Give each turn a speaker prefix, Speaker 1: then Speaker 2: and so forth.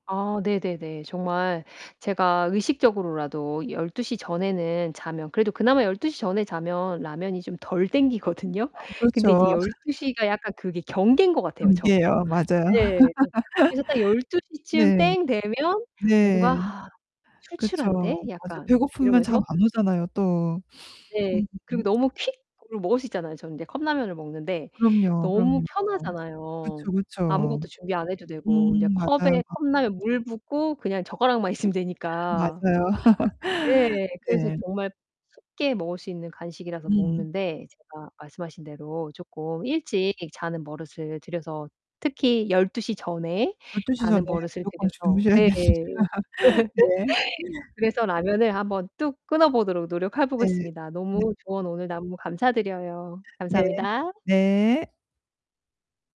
Speaker 1: 아 네네네. 정말 제가 의식적으로라도 12:00 전에는 자면 그래도 그나마 12:00 전에 자면 라면이 좀 덜 당기거든요. 근데
Speaker 2: 그렇죠.
Speaker 1: 이제 12:00 가 약간 그게 경계인 것 같아요 저.
Speaker 2: 경계예요. 맞아요.
Speaker 1: 네 그래서 딱 열두 시 쯤
Speaker 2: 네.
Speaker 1: 땡 되면
Speaker 2: 네.
Speaker 1: 뭔가
Speaker 2: 그쵸.
Speaker 1: "출출한데
Speaker 2: 맞아
Speaker 1: 약간?"
Speaker 2: 배고프면 잠
Speaker 1: 이러면서
Speaker 2: 안 오잖아요 또.
Speaker 1: 네 그리고
Speaker 2: 음음음.
Speaker 1: 너무 퀵으로 먹을 수 있잖아요. 저는 인제 컵라면을 먹는데
Speaker 2: 그럼요,
Speaker 1: 너무
Speaker 2: 그럼요.
Speaker 1: 편하잖아요.
Speaker 2: 그쵸, 그쵸.
Speaker 1: 아무것도 준비 안 해도 되고 이제
Speaker 2: 음 맞아요.
Speaker 1: 컵에 컵라면 물 붓고 그냥 젓가락만 있으면 되니까.
Speaker 2: 맞아요.
Speaker 1: 네. 그래서
Speaker 2: 네.
Speaker 1: 정말 쉽게 먹을 수 있는 간식이라서
Speaker 2: 음.
Speaker 1: 먹는데 제가 말씀하신 대로 쪼끔 일찍 자는 버릇을 들여서 특히 12:00 전에
Speaker 2: 12:00 시 전에
Speaker 1: 자는 버릇을
Speaker 2: 무조건
Speaker 1: 들여서
Speaker 2: 주무셔야 됩니다.
Speaker 1: 네.
Speaker 2: 네.
Speaker 1: 그래서 라면을 한번 뚝 끊어 보도록 노력해
Speaker 2: 네.
Speaker 1: 보겠습니다.
Speaker 2: 네.
Speaker 1: 너무 조언 오늘 나무 감사드려요.
Speaker 2: 네.
Speaker 1: 감사합니다.
Speaker 2: 네.